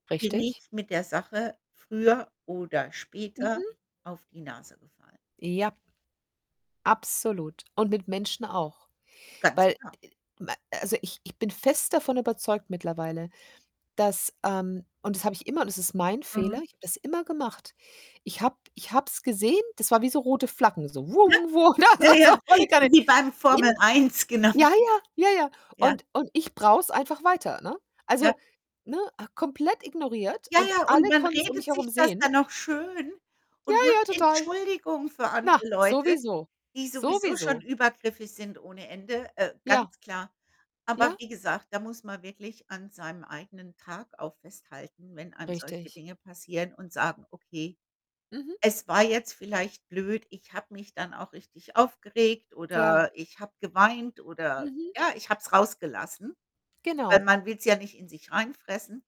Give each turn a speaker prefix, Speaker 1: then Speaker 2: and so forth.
Speaker 1: Bin ich
Speaker 2: Richtig?
Speaker 1: mit der Sache früher oder später
Speaker 2: Mhm.
Speaker 1: auf die Nase gefallen.
Speaker 2: Ja. Absolut, und mit Menschen auch.
Speaker 1: Ganz
Speaker 2: Weil
Speaker 1: klar.
Speaker 2: d äh, ma a also, ich ich bin fest davon überzeugt mittlerweile, dass, ähm und das habe ich immer und es ist mein Fehler,
Speaker 1: Mhm.
Speaker 2: ich habe das immer gemacht. Ich habe ich habe es gesehen, das war wie so rote Flaggen, so das
Speaker 1: Ne? Ja,
Speaker 2: war so,
Speaker 1: ja.
Speaker 2: volle Kanne
Speaker 1: So wie beim
Speaker 2: in
Speaker 1: Formel 1, genau.
Speaker 2: ja, ja, ja, ja.
Speaker 1: Ja.
Speaker 2: Und und ich brauche es einfach weiter, ne? Also,
Speaker 1: Ja.
Speaker 2: ne, komplett ignoriert
Speaker 1: Ja,
Speaker 2: und
Speaker 1: ja, und
Speaker 2: alle
Speaker 1: man
Speaker 2: konnten es um mich
Speaker 1: redet
Speaker 2: herum
Speaker 1: sich das
Speaker 2: sehen.
Speaker 1: dann noch schön
Speaker 2: Ja,
Speaker 1: und macht
Speaker 2: ja, total.
Speaker 1: Entschuldigungen für
Speaker 2: Na,
Speaker 1: andere Leute,
Speaker 2: sowieso,
Speaker 1: die sowieso schon
Speaker 2: sowieso.
Speaker 1: übergriffig sind ohne Ende, äh,
Speaker 2: Ja.
Speaker 1: ganz klar. Aber
Speaker 2: Ja.
Speaker 1: wie gesagt, da muss man wirklich an seinem eigenen Tag auch festhalten, wenn einem solche
Speaker 2: Richtig.
Speaker 1: Dinge passieren und sagen: „Okay,
Speaker 2: Mhm.
Speaker 1: es war jetzt vielleicht blöd, ich habe mich dann auch richtig aufgeregt
Speaker 2: Ja.
Speaker 1: oder ich habe geweint oder
Speaker 2: Mhm.
Speaker 1: ja, ich habe es rausgelassen.“, weil
Speaker 2: Genau.
Speaker 1: man will's ja nicht in sich reinfressen.